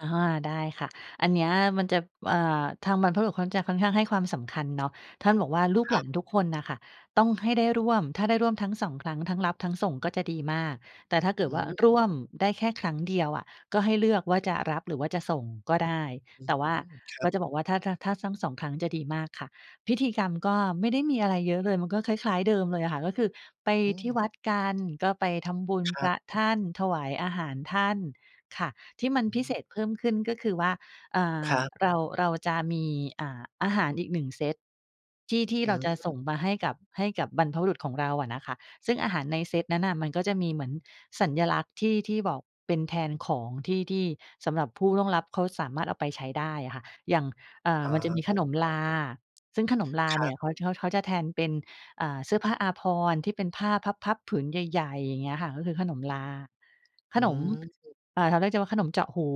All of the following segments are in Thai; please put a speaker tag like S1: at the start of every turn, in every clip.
S1: อะฮะ ได้ค่ะ อันเนี้ยมันจะ อ่า ทางบรรพบุรุษเขาจะค่อนข้างให้ความสำคัญเนาะ ท่านบอกว่า "ลูก
S2: ค
S1: ห
S2: ร
S1: ล
S2: ั
S1: า
S2: บ
S1: นทุกคนน่ะค่ะ ต้องให้ได้ร่วม ถ้าได้ร่วมทั้ง 2 ครั้ง ทั้งรับทั้งส่งก็จะดีมาก แต่ถ้าเกิ
S2: อ
S1: ด
S2: ื
S1: ว่า
S2: ม
S1: ร่วมได้แค่ครั้งเดียวอะ ก็ให้เลือกว่าจะรับหรือว่าจะส่งก็ได้
S2: อื
S1: แต
S2: ม
S1: ่ว่า
S2: ครั
S1: ก
S2: บ
S1: ็จะบอกว่าถ้า ถ้า ถ้าทั้ง 2 ครั้งจะดีมากค่ะ" พิธีกรรมก็ไม่ได้มีอะไรเยอะเลย มันก็คล้าย ๆ เดิมเลยอะค่ะ ก็คือไป
S2: อื
S1: ที่
S2: ม
S1: วัดกัน ก็ไปทำบุญ
S2: ค
S1: พ
S2: รั
S1: ร
S2: บ
S1: ะท่าน ถวายอาหารท่าน ค่ะ ที่มั
S2: อ
S1: น
S2: ื
S1: พิ
S2: ม
S1: เศษเพิ่มขึ้นก็คือว่า อ่
S2: ค
S1: า
S2: รับ
S1: เรา เราจะมี อ่า อาหารอีกหนึ่งเซตที่ ที่
S2: อื
S1: เราจะส
S2: ม
S1: ่งมาให้กับ ให้กับบรรพบุรุษของเราอะนะคะ ซึ่งอาหารในเซตนั้นน่ะมันก็จะมีเหมือนสัญลักษณ์ที่ ที่บอก เป็นแทนของที่ ที่สำหรับผู้ล่วงลับเขา สามารถเอาไปใช้ได้อะค่ะ อย่าง อ่า
S2: อ๋
S1: มันจะมีข
S2: อ
S1: นมลา ซึ่งขนมลา
S2: ค
S1: เ
S2: ร
S1: น
S2: ั
S1: ี่
S2: บ
S1: ย เขา เขา เขาจะแทนเป็น อ่า เสื้อผ้าอาภรณ์ ที่เป็นผ้าพับ ๆ ผืนใหญ่ ๆ อย่างเงี้ยค่ะ ก็คือขนมลา ข
S2: อื
S1: นม
S2: ม
S1: อ่า แถวนั้นจะ ว่าขนมเจาะหู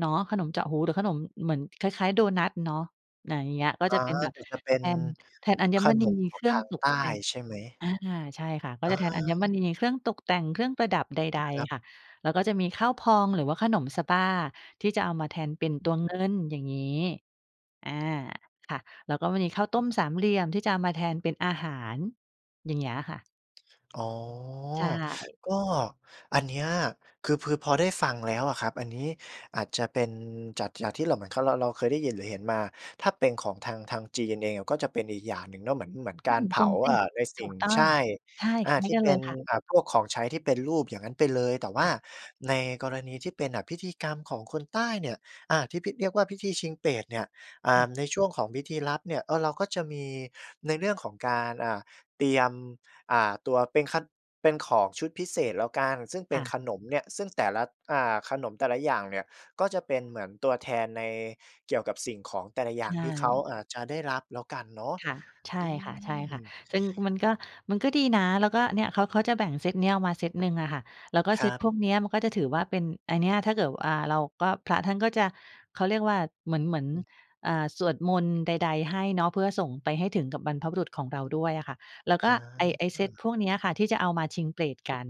S1: เนาะ ขนมเจาะหู หรือขนมเหมือน คล้าย ๆ โดนัตเนาะ อา อย่างเงี้ย ก็
S2: อ๋
S1: จ
S2: อ
S1: ะเป็นแบบ
S2: หรือจะเป็
S1: แ
S2: น
S1: ทน แทนอัญ
S2: ข
S1: ม
S2: น
S1: ณี
S2: มข
S1: เ
S2: อ
S1: ค
S2: ง
S1: รื่
S2: ท
S1: อง
S2: าง
S1: ต
S2: ใต
S1: ก
S2: ้
S1: แต่ง
S2: ใช่ไหม?
S1: อา ใช่ค่ะ ก
S2: อ
S1: ็
S2: า
S1: จะแทนอัญมณี เครื่องตกแต่ง เครื่องประดับใด
S2: ครับ
S1: ๆ ค่ะ แล้วก็จะมีข้าวพอง หรือว่าขนมสะบ้าที่จะเอามาแทนเป็นตัวเงิน อย่างงี้ อา ค่ะ แล้วก็มันมีข้าวต้มสามเหลี่ยมที่จะเอามาแทนเป็นอาหาร อย่างเงี้ยค่ะ
S2: อ๋อ
S1: ใช่
S2: ก็ อันเนี้ยคือพือ พอได้ฟังแล้วอะครับ อันนี้อาจจะเป็น จัด จากที่เราเหมือนเขา เรา เราเคยได้ยินหรือเห็นมา ถ้าเป็นของทาง ทางจีนกันเองน่ะ ก็จะเป็นอีกอย่างหนึ่งเนาะ เหมือน เหมือนก
S1: ช่
S2: า
S1: า
S2: ร
S1: ง
S2: เผ
S1: ก
S2: า
S1: งเต
S2: อ
S1: ๊
S2: ่
S1: ก
S2: า ในส
S1: ถ
S2: ิ
S1: ู
S2: ่ง
S1: กต้
S2: ใ
S1: อ
S2: ช
S1: ง
S2: ่
S1: ใช่
S2: อ
S1: ค
S2: า
S1: ล้า
S2: ท
S1: ย
S2: ี่
S1: กัน
S2: เป
S1: เล
S2: ็น
S1: ยค่ะ
S2: อ่า พวกของใช้ที่เป็นรูป อย่างงั้นไปเลย แต่ว่
S1: ค
S2: า
S1: ่ะ
S2: ในกรณีที่เป็นน่ะพิธีกรรมของคนใต้เนี่ย อา ที่พิ เรียกว่าพิธีชิงเปรตเนี่ย อ่า ในช่วงของพิธีรับเนี่ย เออ เราก็จะมีในเรื่องของการ อ่า เตรียม อ่า ตัวเป็นคัด เป็นของชุดพิเศษแล้วกัน ซึ่งเป็
S1: ค
S2: น
S1: ่ะ
S2: ขนมเนี่ย ซึ่งแต่ละ อ่า ขนมแต่ละอย่างเนี่ยก็จะเป็นเหมือนตัวแทนใน เกี่ยวกับสิ่งของแต่ละอย
S1: ใช
S2: ่างที่เขา
S1: ่
S2: อาจจะได้รับแล้วกันเนาะ
S1: ค่ะ ใช
S2: อ
S1: ่
S2: ื
S1: ค
S2: ม
S1: ่ะ ๆ ซึงมันก็ มันก็ดีนะ แล้วก็เนี่ย เขา เขาจะแบ่งเซตเนี้ย เอามาเซตหนึ่งอะค่ะ แล้วก็
S2: ค
S1: เซ
S2: รั
S1: ต
S2: บ
S1: พวกเนี้ยมันก็จะถือว่าเป็น ไอเนี้ย ถ้าเกิด ว อา เราก็ พระท่านก็จะ เขาเรียกว่าเหมือน เหมือน
S2: อืม
S1: อ่า สวดมนต์ใด ๆ ให้เนาะ เพื่อส่งไปให้ถึงกับบรรพบุรุษของเราด้วยอะค่ะ แล้ว
S2: อ
S1: ก็ไอ ไอเซตพ
S2: า
S1: วกเนี้ยค่ะ ที่จะเอามาชิงเปรตกัน